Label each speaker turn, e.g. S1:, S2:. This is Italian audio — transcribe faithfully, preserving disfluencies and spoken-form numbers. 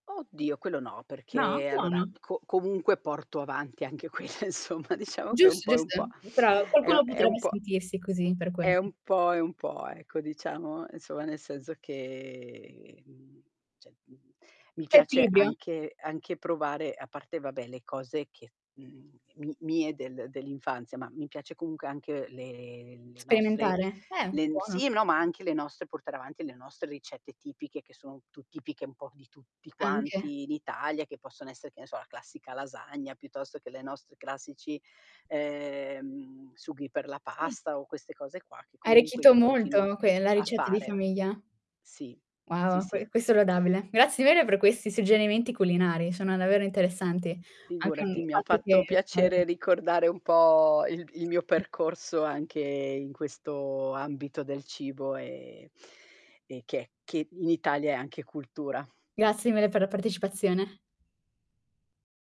S1: Oddio, quello no,
S2: No?
S1: perché allora,
S2: Buono.
S1: co comunque porto avanti anche quella, insomma, diciamo che è un
S2: Giusto,
S1: po' e un
S2: giusto,
S1: po'.
S2: però
S1: È u
S2: qualcuno
S1: è
S2: potrebbe
S1: un po'
S2: sentirsi così, per quello.
S1: è un po' e un po', ecco, diciamo, inzomma, nel senso che, mhmm ceh, mhmm, mi
S2: C'è
S1: piace
S2: equilibrio?
S1: anche anche provare, a parte vabbè le cose che mhmm, mi mie del dell'infanzia, ma mi piace comunche anche le le nostre
S2: Sperimentare? Eh,
S1: len
S2: buono.
S1: sì, no, ma anche le nostre portare avanti le nostre ricette tipiche che sono tu tipiche un po' di tutti
S2: Anche.
S1: quanti in Italia che possono essere, che ne so, la classica lasagna, piuttosto che le nostre classici, ehm, sughi per la
S2: Sì.
S1: pasta o queste cose qua che
S2: Hai
S1: comunque
S2: ricchito
S1: io continua
S2: molto que la
S1: a
S2: ricetta di
S1: fare.
S2: famiglia.
S1: Sì, sì
S2: Wow,
S1: sì.
S2: que questo è lodabile. Grazie di vere per questi suggerimenti culinari, sono davvero interessanti. Anche un
S1: Figurati, mi ha
S2: fatto che
S1: fatto piacere
S2: [unintelligible]
S1: ricordare un po' il il mio percorso anche in questo ambito del cibo, e e che che in Italia è anche cultura.
S2: Grazie mille per la partecipazione.